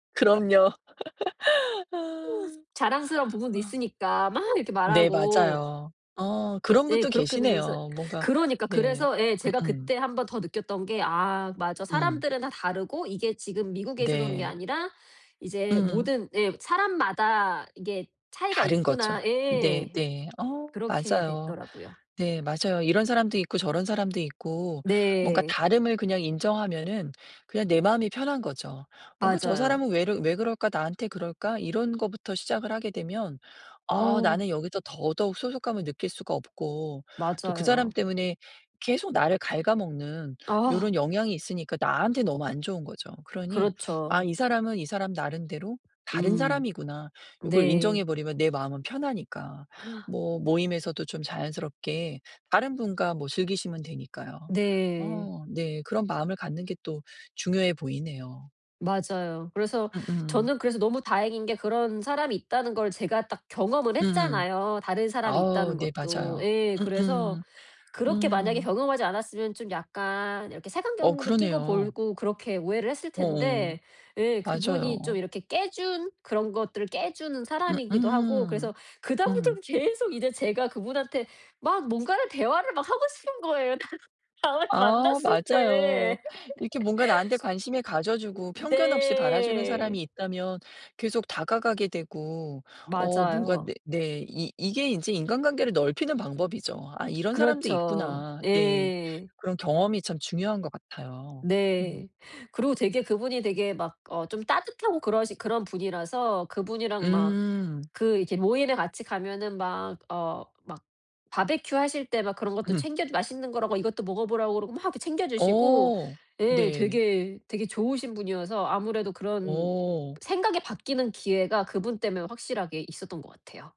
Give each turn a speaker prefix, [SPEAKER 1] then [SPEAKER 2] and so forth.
[SPEAKER 1] 그럼요. 아.
[SPEAKER 2] 자랑스러운 부분도
[SPEAKER 1] 막
[SPEAKER 2] 있으니까 막 이렇게
[SPEAKER 1] 네,
[SPEAKER 2] 말하고
[SPEAKER 1] 맞아요. 어
[SPEAKER 2] 그
[SPEAKER 1] 그런
[SPEAKER 2] 예
[SPEAKER 1] 분도
[SPEAKER 2] 그렇게 되면서
[SPEAKER 1] 계시네요. 뭔가
[SPEAKER 2] 그러니까.
[SPEAKER 1] 네.
[SPEAKER 2] 그래서 예
[SPEAKER 1] 음
[SPEAKER 2] 제가
[SPEAKER 1] 음.
[SPEAKER 2] 그때 한번 더 느꼈던 게 '아 맞아
[SPEAKER 1] 음.
[SPEAKER 2] 사람들은 다 다르고 이게 지금 미국에 있어서 그런 게
[SPEAKER 1] 네.
[SPEAKER 2] 아니라, 이제
[SPEAKER 1] 음.
[SPEAKER 2] 모든' 예 '사람마다 이게 차이가
[SPEAKER 1] 다른 거죠.
[SPEAKER 2] 있구나'
[SPEAKER 1] 네
[SPEAKER 2] 예.
[SPEAKER 1] 네. 어
[SPEAKER 2] 그렇게
[SPEAKER 1] 맞아요.
[SPEAKER 2] 됐더라고요.
[SPEAKER 1] 네 맞아요. 이런 사람도 있고 저런 사람도 있고 뭔가
[SPEAKER 2] 네.
[SPEAKER 1] 다름을 그냥 인정하면은 그냥 내 마음이 편한 거죠. 뭔가 '저
[SPEAKER 2] 맞아요.
[SPEAKER 1] 사람은 왜르 왜 그럴까? 나한테 그럴까?' 이런 것부터 시작을 하게 되면 아
[SPEAKER 2] 아.
[SPEAKER 1] 나는 여기서 더더욱 소속감을 느낄 수가 없고, 또 그 사람
[SPEAKER 2] 맞아요.
[SPEAKER 1] 때문에 계속 나를 갉아먹는
[SPEAKER 2] 아.
[SPEAKER 1] 요런 영향이 있으니까 나한테 너무 안 좋은 거죠. 그러니 '아
[SPEAKER 2] 그렇죠.
[SPEAKER 1] 이 사람은 이 사람 나름대로 다른
[SPEAKER 2] 음.
[SPEAKER 1] 사람이구나.' 요걸 인정해
[SPEAKER 2] 네.
[SPEAKER 1] 버리면 내 마음은 편하니까. 뭐 모임에서도 좀 자연스럽게 다른 분과 뭐 즐기시면 되니까요.
[SPEAKER 2] 네.
[SPEAKER 1] 어 네 그런 마음을 갖는 게 또 중요해 보이네요.
[SPEAKER 2] 맞아요. 그래서
[SPEAKER 1] 음음.
[SPEAKER 2] 저는 그래서 너무 다행인 게 그런 사람이 있다는 걸 제가 딱 경험을
[SPEAKER 1] 음음.
[SPEAKER 2] 했잖아요. 다른 사람이
[SPEAKER 1] 어
[SPEAKER 2] 있다는
[SPEAKER 1] 네,
[SPEAKER 2] 것도.
[SPEAKER 1] 맞아요.
[SPEAKER 2] 예 그래서
[SPEAKER 1] 음음.
[SPEAKER 2] 그렇게 만약에
[SPEAKER 1] 음.
[SPEAKER 2] 경험하지 않았으면 좀 약간 이렇게
[SPEAKER 1] 어
[SPEAKER 2] 색안경도 끼고
[SPEAKER 1] 그러네요.
[SPEAKER 2] 보고 그렇게 오해를 했을
[SPEAKER 1] 어,
[SPEAKER 2] 텐데 예, 그분이 좀
[SPEAKER 1] 맞아요.
[SPEAKER 2] 이렇게 깨 준 그런 것들을 깨 주는
[SPEAKER 1] 음
[SPEAKER 2] 사람이기도 하고
[SPEAKER 1] 음
[SPEAKER 2] 그래서 그
[SPEAKER 1] 음.
[SPEAKER 2] 다음부터는 계속 이제 제가 그분한테 막 뭔가를 대화를 막 하고 싶은 거예요. 다음 다음에
[SPEAKER 1] 아
[SPEAKER 2] 만났을
[SPEAKER 1] 맞아요.
[SPEAKER 2] 때.
[SPEAKER 1] 이렇게 뭔가 나한테 관심을 가져 주고 편견없이 바라 주는 사람이
[SPEAKER 2] 네.
[SPEAKER 1] 있다면 계속 다가가게 되고 어 뭔가
[SPEAKER 2] 맞아요.
[SPEAKER 1] 네 네, 이 이게 이제 인간관계를 넓히는 방법이죠. '아 이런 사람도
[SPEAKER 2] 그렇죠.
[SPEAKER 1] 있구나.' 네.
[SPEAKER 2] 예.
[SPEAKER 1] 그런 경험이 참 중요한 것 같아요. 음.
[SPEAKER 2] 네. 그리고 되게 그분이 되게 막 어 좀 따뜻하고 그러신 그런 분이라서 그분이랑 막
[SPEAKER 1] 음.
[SPEAKER 2] 그 이렇게 모임에 같이 가면은 막 어, 막 바베큐 하실 때 막 그런 것도
[SPEAKER 1] 음.
[SPEAKER 2] 챙겨 주 맛있는 거라고 이것도 먹어 보라고 그러고 막 챙겨 주시고
[SPEAKER 1] 어.
[SPEAKER 2] 예
[SPEAKER 1] 네.
[SPEAKER 2] 되게 되게 좋으신 분이어서 아무래도 그런
[SPEAKER 1] 어.
[SPEAKER 2] 생각이 바뀌는 기회가 그분 때문에 확실하게 있었던 것 같아요.